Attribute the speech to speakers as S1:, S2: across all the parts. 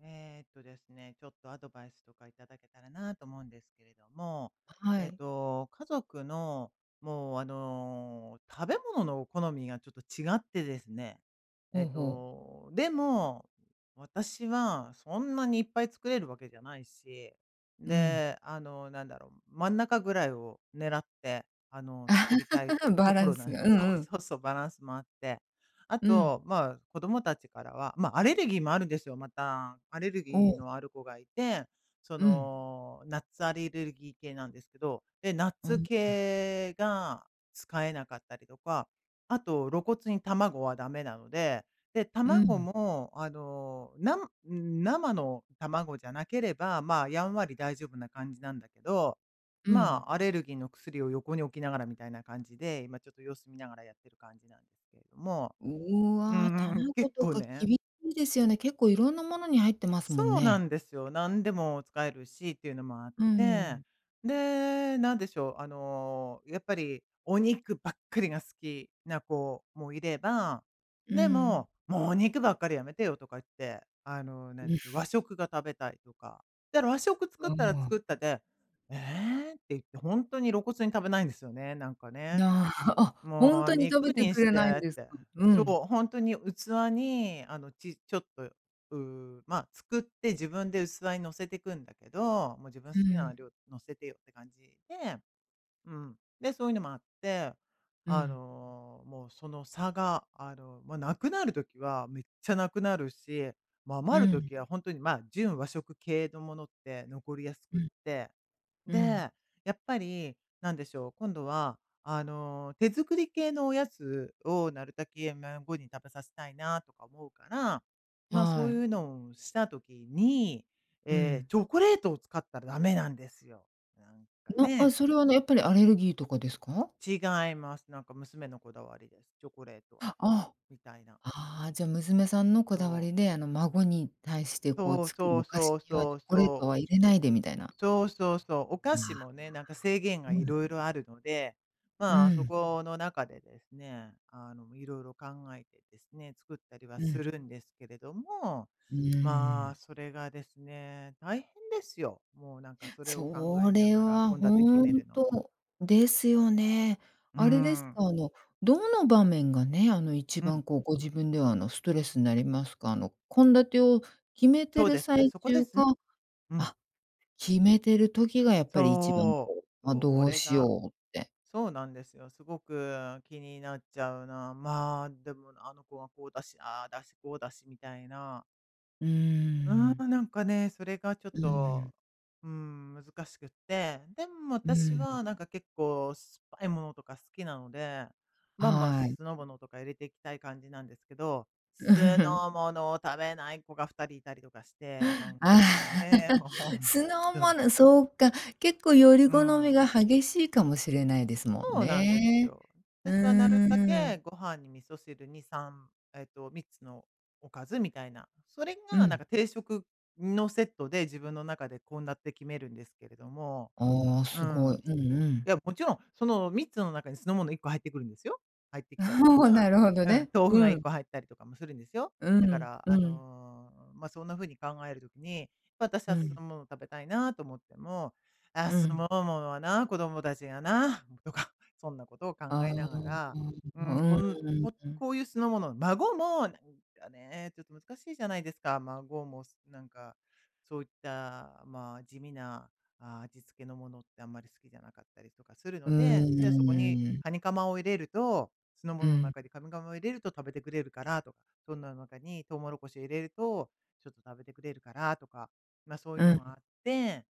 S1: ええっとですね、ちょっとアドバイスとかいただけたらなと思うんですけれども、
S2: あ、は
S1: えっ
S2: い。
S1: と、家族の、もうあの、食べ物の好みがちょっと違ってですね。
S2: ほ
S1: えっ
S2: うほう。
S1: と、でも、私はそんなにいっぱい作れるわけじゃないし、
S2: うん。
S1: で、あの、なんだろう、真ん中ぐらいを狙って、あの、作りたい
S2: バ
S1: と
S2: ラ
S1: こ
S2: ン
S1: ろな
S2: ス
S1: ん
S2: が、うん
S1: そう
S2: うん。
S1: そうそう、バランスもあって。あ
S2: うん。
S1: と、ま、子供たちからはま、アレルギーもあるんですよ、また。アレル
S2: お
S1: ギー
S2: お。
S1: のある子がいて、そ
S2: うん。
S1: の、ナッツアレルギー系なんですけど、で、ナッ
S2: うん
S1: ツ
S2: うん。
S1: 系が使えなかったりとか、あと露骨に卵は駄目なので、で、
S2: う
S1: 卵
S2: ん。
S1: も、あの、なんうーん、生の卵じゃなければ、ま、やんわり大丈夫な感じなんだけど、
S2: う
S1: ま、
S2: ん。
S1: アレルギーの薬を横に置きながらみたいな感じで、今ちょっと様子見ながらやってる感じなんですけれども。
S2: う
S1: うー
S2: わ、
S1: ん、
S2: 卵
S1: 結
S2: と
S1: 構
S2: か
S1: ね
S2: 厳しいですよね。結構いろんなものに入ってますもん
S1: そうな
S2: ね。
S1: んですよ。なんでも使えるしっていうのもあっ
S2: うー
S1: て。
S2: ん。
S1: で、なんでしょう、あの、やっぱりお肉ばっかりが好きな子もいれば、
S2: うー
S1: で
S2: ん。
S1: も「もうお肉ばっかりやめてよ」とか言って、あの、何で
S2: う
S1: しょう、
S2: ふ。
S1: 和食が食べたいとか。ったら和食作っ
S2: わ
S1: たら
S2: あ。
S1: 作ったで、「ええ？」って言って、ほんとに露骨に食べないんですよね、なんかね。
S2: な、あ、ほん
S1: 「もう
S2: とに食
S1: 肉
S2: べて
S1: に
S2: く
S1: し
S2: れない
S1: て」
S2: ん
S1: っ
S2: です
S1: て。
S2: か？う
S1: そ
S2: ん。
S1: う、ほんとに器にあの、ちちょっと、うーん、ま、作って自分で器に載せてくんだけど、もう、自分
S2: う
S1: 好きな
S2: ん。
S1: 料理載せてよって感じで、うん、で、そういうのもあって、
S2: う
S1: あ
S2: ん。
S1: の、もうその差があの、ま、無くなる時はめっちゃなくなるし、ま、
S2: う
S1: 余る
S2: ん。
S1: 時はほんとに、ま、純和食系のものって残りやす
S2: う
S1: くっ
S2: ん。
S1: て。
S2: うん。
S1: で、やっぱり、何でしょう、今度は、あの、手作り系のおやつをなるたけ、いや、孫に食べさせたいなとか思うから、ま、そ
S2: は
S1: う
S2: い。
S1: いうのをした時に、
S2: う
S1: ええ、
S2: ん。
S1: チョコレートを使ったらダメなんですよ。なんか、
S2: なあ、
S1: ね。
S2: それは、あの、やっぱりアレルギーとかですか？
S1: 違います。なんか娘のこだわりです。「チョコレートは」
S2: は、あ。
S1: みたいな。
S2: ああ、じゃ、娘さんのこだわ
S1: そう。
S2: りで、あの、孫に対して、こう、
S1: そう
S2: 作
S1: そ
S2: る
S1: う
S2: お菓
S1: そ
S2: 子
S1: う
S2: には
S1: そ
S2: チョ
S1: う
S2: コレー
S1: そ
S2: ト
S1: う。
S2: は入れないで、みたいな。
S1: そうそうそう。お菓子
S2: あ。
S1: もね、なんか制限が
S2: うん。
S1: 色々あるので、
S2: うー
S1: ま、そ
S2: ん。
S1: この中でですね、あの、色々考えてですね、作ったりは
S2: う
S1: す
S2: ん。
S1: るんですけれども、
S2: うー
S1: ま、
S2: ん。
S1: それがですね、大変ですよ。もう、なんか、それを考
S2: そ
S1: えな
S2: れ
S1: がら、
S2: は
S1: 献立決
S2: 本
S1: めるのも。
S2: 当ですよね。
S1: うー
S2: あれですか？
S1: ん。
S2: あの、どの場面がね、あの一
S1: うん。
S2: 番こう、ご自分ではあのストレスになりますか？あの、献立を決めて
S1: そう
S2: る
S1: ですね、
S2: 最
S1: そこで
S2: 中
S1: すね。
S2: か
S1: うん。
S2: あ、決めてる時がやっぱり一番
S1: そ
S2: こう、
S1: う。そ
S2: あ、
S1: う、お
S2: どう
S1: れ
S2: しよ
S1: が、
S2: うって。
S1: そうなんですよ、すごく気になっちゃうな。ま、でもな、あの子はこうだし、ああだし、こうだしみたいな。
S2: うー
S1: うー
S2: ん。
S1: ん、なんかね、それがちょっ
S2: う
S1: と、
S2: ん。
S1: うーん、難しくって。でも
S2: う
S1: 私
S2: ん。
S1: は、なんか結構酸っぱいものとか好きなので、バンバン
S2: はい。
S1: 酢の物とか入れていきたい感じなんですけど、酢 の物を食べない子が2人いたりとかして。なん
S2: あ。
S1: かね、も うほん
S2: 酢の
S1: とに。
S2: 物、そうか。結構選り
S1: う
S2: 好み
S1: ん。
S2: が激しいかもしれないですもん
S1: そうなんです
S2: ね。
S1: よ。
S2: う
S1: 私はなるた
S2: ー
S1: け、
S2: ん。
S1: ご飯に味噌汁に、3えっと、3つのおかずみたいな、それ
S2: う
S1: がなん
S2: ん。
S1: か定食のセットで、自分の中で献立決めるんですけれども。
S2: ああ、
S1: う
S2: すごい。
S1: ん。
S2: うんうん。
S1: いや、もちろん、その3つの中に酢の物1個入ってくるんですよ。入ってきたりと
S2: おお、
S1: か
S2: なるほど
S1: うん、
S2: ね。
S1: 豆腐
S2: う
S1: がいっ
S2: ん。
S1: こ入ったりとかもするんですよ。
S2: う
S1: だか
S2: ん、
S1: ら、
S2: う
S1: あ
S2: ん。
S1: の、ま、そんな風に考える時に、ま、私
S2: う
S1: は酢
S2: ん。
S1: の物を食べたいなと思っても、あ、
S2: う
S1: す
S2: ん。
S1: もうものはな、子供たちがな、とか、そんなことを
S2: あ
S1: 考
S2: あ。
S1: えなが
S2: う
S1: ら、うーん、こん
S2: ー
S1: こ
S2: ん。
S1: こういう酢の物、孫も、なんかね、ちょっと難しいじゃないですか。孫も、すなんか、そういった、ま、地味な、あ、味付けのものってあんまり好きじゃなかったりとかする
S2: う
S1: ので、で、そこに、
S2: ーん。
S1: かにかまを入れると酢の
S2: う
S1: 物の
S2: ん。
S1: 中でかにかまを入れると食べてくれるからとか、そんなの中にトウモロコシを入れると、ちょっと食べてくれるからとか。まあ、そういう
S2: う
S1: の
S2: ん。
S1: があって、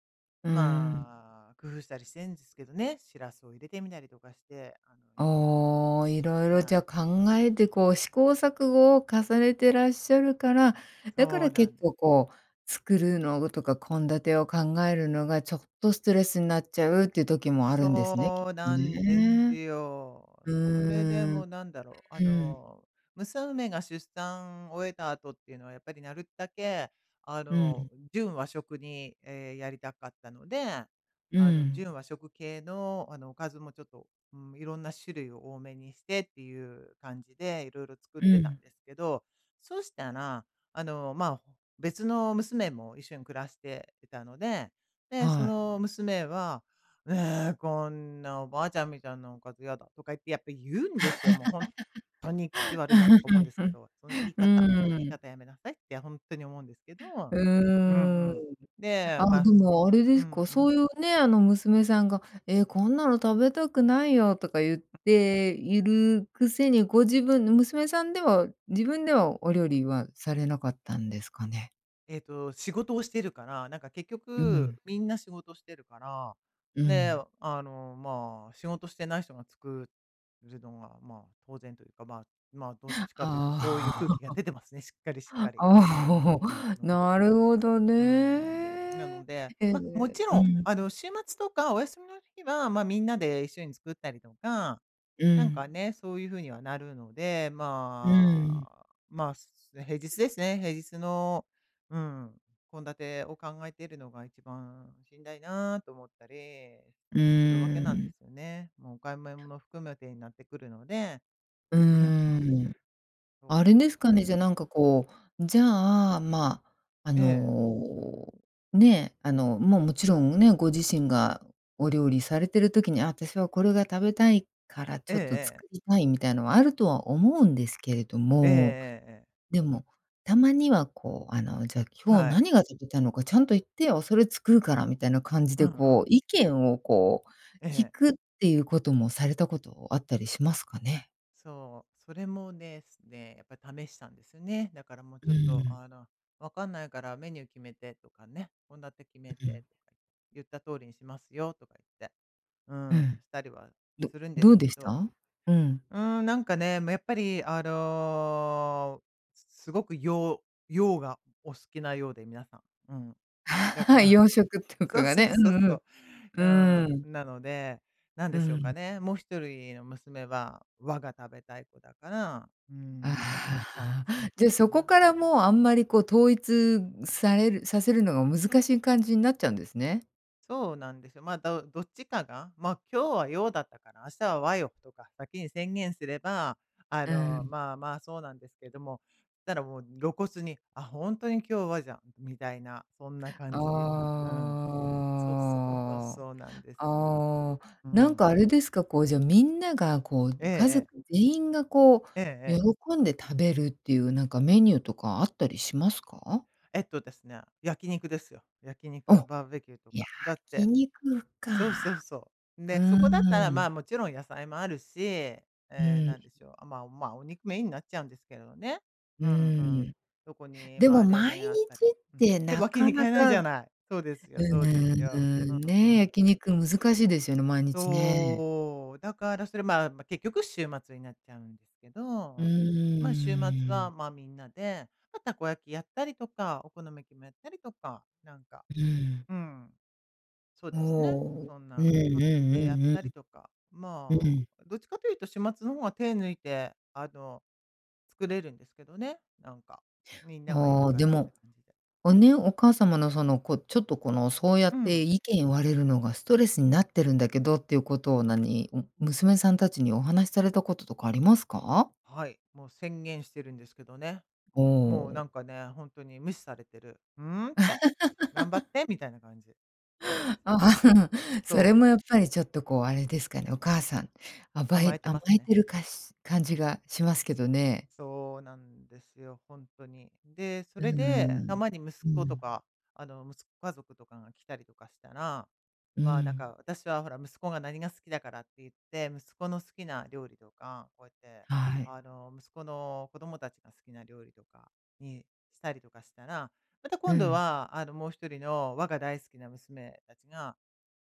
S2: うーん。
S1: まあ、工夫したりしてんすけどね、シラスを入れてみなりとかして、あの、色々
S2: ああ、色々じ
S1: は
S2: ゃ
S1: い。
S2: 考えてこう試行錯誤を重ねてらっしゃるから、だか
S1: そう
S2: ら
S1: な
S2: 結
S1: んで
S2: 構
S1: す。
S2: こう、作るのとか献立を考えるのがちょっとストレスになっちゃうっていう時もあるんですね、きっ
S1: そう
S2: と
S1: なんです
S2: ね。
S1: よ。
S2: う
S1: それで
S2: ーん。
S1: もうなんだろう、あ
S2: うん。
S1: の、娘が出産終えた後っていうのはやっぱりなるたけ、あ
S2: う
S1: の、
S2: ん。
S1: 純和食に、え、やりたかったので、
S2: う
S1: あの
S2: ん。
S1: 純和食系の、あのおかずもちょっと、うーん、いろんな種類を多めにしてっていう感じで、色々作っ
S2: う
S1: てたん
S2: ん。
S1: ですけど、そしたら、あの、まあ、別の娘も一緒に暮らしていたので、で、そ
S2: はい。
S1: の娘は「え、こんなおばあちゃんみたいなおかずやだ」とか言ってやっぱ言うんですよ、もうほんとに口悪いなとか思うんですけど、その言 い
S2: う
S1: 方、その言い
S2: ーん。
S1: 方やめなさいって、ほんとに思うんですけど
S2: う
S1: うん
S2: ーん。
S1: うん。で、
S2: ああ、
S1: ま
S2: で
S1: す
S2: もあれで
S1: うん、
S2: すか、
S1: う
S2: そうい
S1: ん。
S2: うね、あの娘さんが「え、こんなの食べたくないよ」とか言っているくせに、ご自分の娘さんでは、自分では、お料理は、されなかったんですかね？
S1: えっと、仕事をしてるから、なんか結
S2: うう
S1: 局
S2: ん。
S1: みんな仕事してるから、
S2: う
S1: で、
S2: ん。
S1: あの、ま、仕事してない人が作るのが、ま、当然というか、まま、どっちかというとそういう
S2: あ
S1: 空気
S2: あ。
S1: が 出てますね、しっかりしっかり。うんう
S2: あ、ほ
S1: ん。
S2: ほ、
S1: うんうん。
S2: なるほどね！
S1: うーん、なので、
S2: へ
S1: ま、も
S2: え
S1: ちろ
S2: う
S1: ん
S2: ん。
S1: あの、週末とかお休みの日は、ま、みんなで一緒に作ったりとか、
S2: う
S1: なん
S2: ん。
S1: かね、そういう風にはなるので、
S2: う
S1: ま
S2: ーん。
S1: あ、ます、で平日ですね。平日の、うん、献立を考えているのが一番しんだいなと思ったり
S2: う
S1: するわけなん
S2: ー
S1: で
S2: ん。
S1: すよね。もうお買い物も含めてになってくるので、
S2: うー
S1: うーん。
S2: ん。
S1: そう
S2: あ
S1: な
S2: れ
S1: ん
S2: で
S1: で
S2: すかね、
S1: す。
S2: じゃ、なんか、こう、じゃあ、ま、あ
S1: ええ。
S2: の、ね、あの、もう、もちろん、ん、ね、ご自身がお料理されてる時に、私はこれが食べたいから
S1: え
S2: ち
S1: え、
S2: ょっと
S1: ええ。
S2: 作りたいみたいのはあるとは思うんですけれど
S1: ええ
S2: も、
S1: ええええ。
S2: でも、たまにはこう、あの、じゃ今日
S1: はい。
S2: 何が食べたのかちゃんと言ってよ、それ作るからみたいな感じ
S1: う
S2: で
S1: んう
S2: こう、
S1: ん。
S2: 意見をこう、
S1: え
S2: 聞
S1: え。
S2: くっていうこともされたことあったりしますかね？
S1: そう、それもですね、やっぱ試したんですよね。だからもう
S2: う
S1: ちょっ
S2: ー
S1: と
S2: ん。
S1: あの、分かんないからメニュー決めてとかね、献立て決め
S2: うう
S1: て
S2: ん。
S1: とか、言った通りにしますよとか言って。う
S2: う
S1: ん、
S2: ん。
S1: したりは
S2: ど
S1: するんで
S2: ど
S1: す
S2: うで
S1: け
S2: し
S1: ど。
S2: た？うん。
S1: うん、なんかね、ま、やっぱりあの、すごく洋洋がお好きなようで、皆さん。うん。だか ら
S2: 洋食とか
S1: そう
S2: が
S1: そう
S2: ね、う
S1: そう
S2: んう
S1: そう。う
S2: ん。うーん。
S1: ん、なので、なん
S2: うー
S1: でしょう
S2: ん。
S1: かね、もう1人の娘は、和が食べたい子だから、うーん。
S2: あ
S1: 感じ
S2: あ、じゃ、
S1: か
S2: そこ
S1: な。
S2: からもう、あんまりこう、統一されるさせるのが難しい感じになっちゃうんですね。
S1: そうなんですよ。ま、だうどっちかが、ま、今日は洋だったから、明日は和よとか先に宣言すれば、あ
S2: うー
S1: の、
S2: ん。
S1: まま、そうなんですけども、したらもう露骨に、あ、本当に今日はじゃ、みたいな、そんな感じ。うん。そうそうそう、
S2: ああ。
S1: そうなんですよ。
S2: ああ、
S1: う
S2: なん
S1: ん。
S2: かあれですか、こう、じゃ、みんながこう、
S1: ええ
S2: 家
S1: え
S2: 族
S1: え。
S2: 全員がこ
S1: ええ
S2: う、
S1: ええ。
S2: 喜んで食べるっていうなんかメニューとかあったりしますか？
S1: えっとですね、焼き肉ですよ。焼き肉、
S2: あ、
S1: バーベキューと
S2: 焼
S1: か。だっ
S2: き
S1: て
S2: 肉
S1: そうそう
S2: か。
S1: そう。
S2: う
S1: で、そこだったら、
S2: ーん。
S1: ま、もちろん野菜もあるし、
S2: う
S1: え、
S2: ーん。
S1: 何でしょう、まま、お肉メインになっちゃうんですけどね。
S2: う
S1: うんう
S2: ー
S1: ん。
S2: ん。
S1: そこに、
S2: でも
S1: ま、冷
S2: 毎日
S1: 麺あったり
S2: っ
S1: うん。
S2: て
S1: て、
S2: な
S1: わけ
S2: か
S1: にい
S2: な
S1: かない
S2: か
S1: じ
S2: う
S1: ゃない。そうですよ
S2: う
S1: そうです
S2: ー
S1: よ。うん
S2: ん、
S1: う
S2: ね、
S1: ん。
S2: 焼肉難しいですよね、毎日ね。
S1: そう、だからそれ、まま、結局週末になっちゃうんですけ
S2: う
S1: ど、ま、週末
S2: ー
S1: は、
S2: ん。
S1: ま、みんなで、ま、たこ焼きやったりとか、お好み焼きもやったりとか、なんか、
S2: うーん。
S1: うん。そう
S2: お
S1: ですね、
S2: お。
S1: そん
S2: うんう
S1: な感じでやっ
S2: んうん
S1: たりとか、
S2: うん。う
S1: ま、
S2: ん。
S1: どっちかというと週末の方が手抜いて、あの、作れるんですけどね、なんか、みんながいる
S2: ああ、
S1: か
S2: で
S1: らって
S2: も
S1: 感じで。
S2: をね、お母様のその、こう、ちょっと、この、そうや
S1: う
S2: って
S1: ん。
S2: 意見言われるのがストレスになってるんだけどっていうことを何、娘さんたちにお話されたこととかありますか？
S1: はい、もう宣言してるんですけどね。もうな
S2: ほ
S1: ん
S2: う。
S1: かね、ほんとに無視されてる。うーんって。頑張っ てみたいな感じなんですよ。
S2: それ
S1: そう。
S2: もやっぱりちょっとこう、あれですかね、お母さん、甘
S1: 甘
S2: え
S1: えて
S2: 甘
S1: ます
S2: え
S1: ね。
S2: てるかし感じがしますけどね。
S1: そうなんですよ、ほんとに。で、そ
S2: うー
S1: れでた
S2: ん。
S1: まに息
S2: う
S1: 子と
S2: ん。
S1: か、あの、息子家族とかが来たりとかしたら、
S2: うー
S1: ま、なん
S2: ん。
S1: か私はほら息子が何が好きだからって言って、息子の好きな料理とか、こうやって、
S2: はい。
S1: あの、息子の子供たちが好きな料理とかにしたりとかしたら、また
S2: う
S1: 今度
S2: ん。
S1: は、あの、もう1人の和が大好きな娘たちが、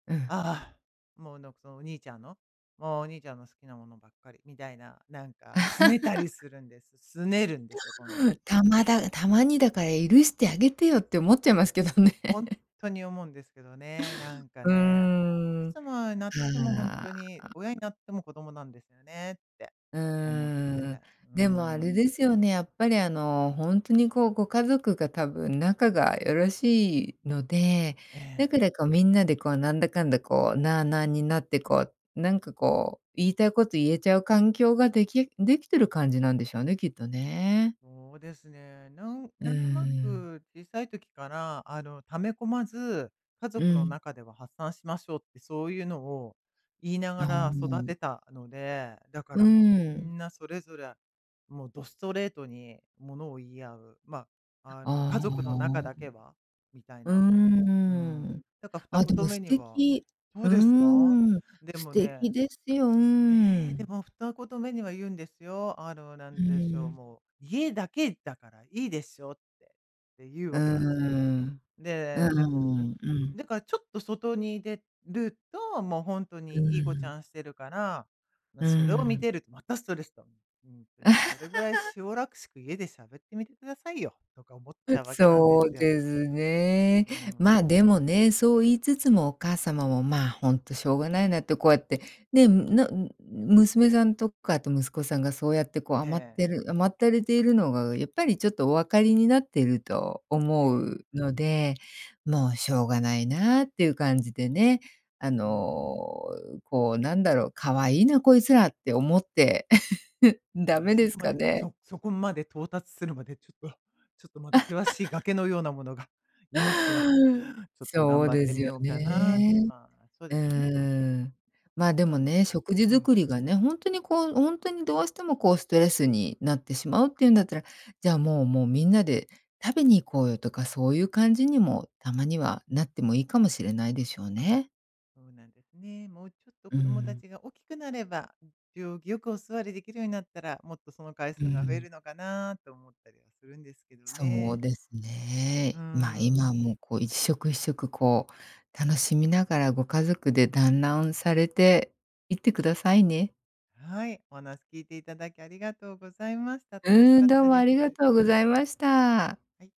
S2: うん。
S1: ああ、もうのそのお兄ちゃんの、もうお兄ちゃんの好きなものばっかり、みたいな、なんかすねたり するんです。すねるんですよ、今度。
S2: たまだたまにだから許してあげてよって思っちゃいますけどね。
S1: ほんとに思うんですけどね、なんか
S2: う
S1: ね、もういく
S2: ん、
S1: つもになってもほん
S2: は、
S1: とに、
S2: あ。
S1: 親になっても子供なんですよねって
S2: う
S1: 思って
S2: ー
S1: て。
S2: ん。
S1: うー
S2: でもあ
S1: ん。
S2: れですよね、やっぱりあの、ほんとにこう、ご家族が多分仲がよろしいので、
S1: え
S2: だ
S1: え。
S2: からこう、みんなでこう、なんだかんだこう、なあなあになってこう、なんかこう、言いたいこと言えちゃう環境ができできてる感じなんでしょうね、きっとね。
S1: そうですね、なん
S2: うー
S1: なんとな
S2: ん。
S1: く、小さい時から、あの、溜め込まず、家
S2: う
S1: 族の
S2: ん。
S1: 中では発散しましょうってそういうのを言いな
S2: あ
S1: がら育
S2: あ。
S1: てたので、だか
S2: うー
S1: らもうみ
S2: ん。
S1: んなそれぞれ、もう、どストレートにものを言い合う、ま、あの、
S2: ああ。
S1: 家族の中だけは、みたい
S2: うー
S1: な。うーん。
S2: ん。
S1: だからふた
S2: あ、
S1: こ
S2: で
S1: と
S2: も
S1: め
S2: 素
S1: には
S2: 敵。
S1: そう
S2: う
S1: ですか？
S2: ーん、
S1: で
S2: 素
S1: も
S2: 敵
S1: ね
S2: ですよ、うー
S1: ええ、で
S2: ん。
S1: も2言目には言うんですよ。あの、な
S2: う
S1: ん
S2: ー
S1: でしょう、
S2: ん。
S1: もう「家だけだからいいでしょ」って、って言う
S2: うー
S1: わけなんですよ。
S2: ん。うー
S1: で、で
S2: ん、
S1: も、
S2: うん。
S1: だからちょっと外に出ると、もうほんと
S2: うー
S1: にいい子ち
S2: ん。
S1: ゃんしてるから、ま、
S2: うー
S1: それを見
S2: ん。
S1: てるとまたストレスと。ほんとにそれぐらい しおらしく家で喋ってみてくださいよ、とか思っち
S2: う、
S1: ゃうわけなんで
S2: そう
S1: すよ。
S2: ですね。
S1: うー
S2: ま、
S1: ん。
S2: でもね、そう言いつつもお母様も、ま、ほんとしょうがないなってこうやって、ね、むなん娘さんとかあと息子さんがそうやってこう
S1: え
S2: 甘っ
S1: え。
S2: てる甘ったれているのがやっぱりちょっとお分かりになっていると
S1: え
S2: 思う
S1: え。
S2: ので、もうしょうがないなっていう感じでね、あ
S1: うーん。
S2: の、こう、なんだろう、可愛いなこいつらって思って、ダ
S1: ね、
S2: メ
S1: そ
S2: です
S1: こま
S2: か
S1: で
S2: ね？
S1: そそこまで到達するまでちょっとちょっとまだ険しい 崖のようなものがいますが、ちょっと
S2: そ
S1: 頑
S2: う
S1: 張っ
S2: で
S1: て
S2: す
S1: み
S2: よ
S1: ようかなって。
S2: ね。
S1: ま、そう
S2: う
S1: ですね。
S2: ーん。ま、で
S1: そう
S2: も
S1: なん
S2: ね、
S1: ね。
S2: 食事
S1: うん。
S2: 作りがね、ほんとにこう、ほんとにどうしてもこうストレスになってしまうっていうんだったら、じゃあもうもうみんなで食べに行こうよとか、そういう感じにもたまにはなってもいいかもしれないでしょうね。
S1: そうなんですね。もうちょっと
S2: うー
S1: 子供た
S2: ん。
S1: ちが大きくなれば、行儀よくお座りできるようになったら、もっとその回
S2: う
S1: 数
S2: ー
S1: が増え
S2: ん。
S1: るのかなと思ったりはするんですけど
S2: そう
S1: ね。
S2: です
S1: うー
S2: ね。ま、
S1: ん。
S2: 今もこう一食一食こう楽しみながらご家族で団欒されていってくださいね。
S1: はい、お話聞いていただきありがとうございました。楽し
S2: うー
S1: か
S2: ん、
S1: っ
S2: どう
S1: た
S2: も
S1: で
S2: ありが
S1: す。
S2: とうございました。
S1: はい。